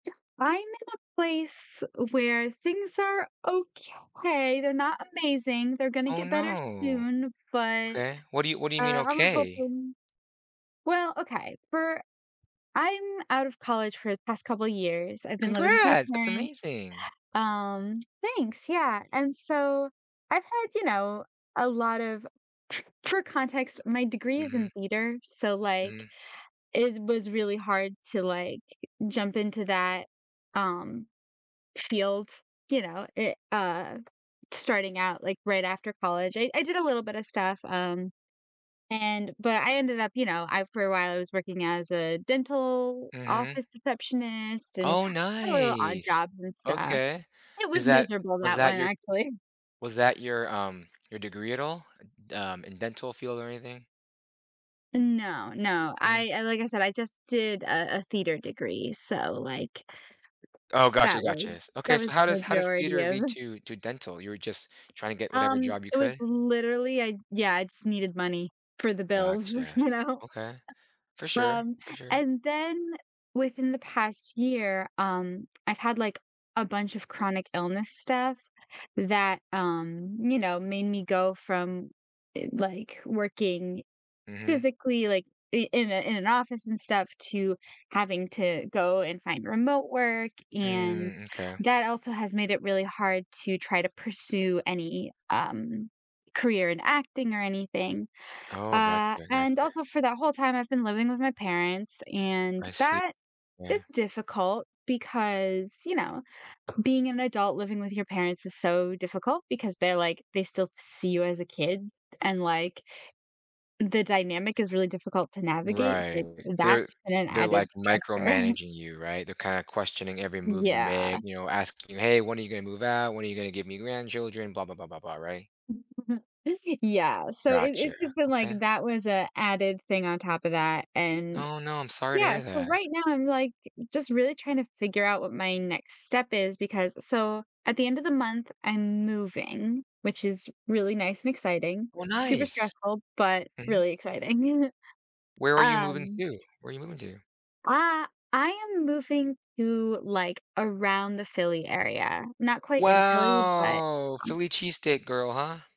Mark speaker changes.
Speaker 1: I'm in a place where things are okay, they're not amazing. They're gonna
Speaker 2: Oh,
Speaker 1: get better
Speaker 2: no.
Speaker 1: soon, but
Speaker 2: Okay, what do you what do you
Speaker 1: uh
Speaker 2: mean,
Speaker 1: I was
Speaker 2: okay?
Speaker 1: hoping well, okay. For I'm out of college for the past couple years. I've been living with my
Speaker 2: Congrats! That's
Speaker 1: parents,
Speaker 2: amazing.
Speaker 1: um thanks, yeah. And so I've had, you know, a lot of for context, my degree is in
Speaker 2: Mhm.
Speaker 1: theater, so, like,
Speaker 2: Mhm.
Speaker 1: it was really hard to, like, jump into that, um, field, you know, it uh, starting out, like, right after college. I I did a little bit of stuff, um, and but I ended up, you know, I for a while, I was working as a dental
Speaker 2: Mhm.
Speaker 1: office receptionist and
Speaker 2: Oh,
Speaker 1: had a little odd
Speaker 2: nice.
Speaker 1: jobs and stuff.
Speaker 2: Okay.
Speaker 1: It
Speaker 2: Is
Speaker 1: was
Speaker 2: that
Speaker 1: miserable
Speaker 2: was
Speaker 1: that
Speaker 2: that
Speaker 1: one,
Speaker 2: your
Speaker 1: actually.
Speaker 2: was that your, um, your degree at all d um, in dental field or anything?
Speaker 1: No, no.
Speaker 2: Mm.
Speaker 1: I I like I said, I just did a a theater degree, so, like
Speaker 2: Oh, gotcha,
Speaker 1: that
Speaker 2: gotcha.
Speaker 1: was
Speaker 2: S okay,
Speaker 1: that
Speaker 2: so
Speaker 1: was
Speaker 2: how
Speaker 1: the
Speaker 2: does how does
Speaker 1: majority
Speaker 2: theater
Speaker 1: of
Speaker 2: lead to to dental? You were just trying to get whatever
Speaker 1: Um,
Speaker 2: job you
Speaker 1: it was
Speaker 2: could?
Speaker 1: literally I Yeah, I just needed money for the bills,
Speaker 2: Gotcha.
Speaker 1: you know?
Speaker 2: Okay. For sure,
Speaker 1: Um,
Speaker 2: for sure.
Speaker 1: and then within the past year, um, I've had, like, a bunch of chronic illness stuff that, um, you know, made me go from, eh, like, working
Speaker 2: Mhm.
Speaker 1: physically, like, i in a in an office and stuff to having to go and find remote work, and
Speaker 2: Mm, m'kay.
Speaker 1: that also has made it really hard to try to pursue any, um, career in acting or anything.
Speaker 2: Oh, gotcha.
Speaker 1: Uh,
Speaker 2: I
Speaker 1: and
Speaker 2: gotcha.
Speaker 1: also for that whole time, I've been living with my parents, and
Speaker 2: I see
Speaker 1: that
Speaker 2: Yeah.
Speaker 1: is difficult because, you know, being an adult living with your parents is so difficult because they're like they still see you as a kid, and, like, the dynamic is really difficult to navigate, so,
Speaker 2: Right.
Speaker 1: like,
Speaker 2: They're
Speaker 1: that's been an
Speaker 2: they're,
Speaker 1: added
Speaker 2: like,
Speaker 1: stressor.
Speaker 2: micromanaging you, right? They're kinda questioning every move you make,
Speaker 1: Yeah.
Speaker 2: you know, asking you, "Hey, when are you gonna move out? When are you gonna give me grandchildren?" Blah blah blah blah blah, right?
Speaker 1: [unintelligible] Yeah. So it
Speaker 2: Gotcha.
Speaker 1: it's just been like
Speaker 2: Okay.
Speaker 1: that was a added thing on top of that, and
Speaker 2: Oh, no. I'm sorry to
Speaker 1: yeah,
Speaker 2: hear
Speaker 1: so
Speaker 2: that.
Speaker 1: right now, I'm, like, just really trying to figure out what my next step is because so at the end of the month, I'm moving, which is really nice and exciting.
Speaker 2: Oh,
Speaker 1: Super
Speaker 2: nice.
Speaker 1: stressful, but
Speaker 2: Mhm.
Speaker 1: really exciting.
Speaker 2: Where are you moving
Speaker 1: Um
Speaker 2: to? Where you moving to?
Speaker 1: I I am moving to, like, around the Philly area. Not quite in Philly, but,
Speaker 2: Wow!
Speaker 1: um
Speaker 2: Philly cheesesteak girl, huh?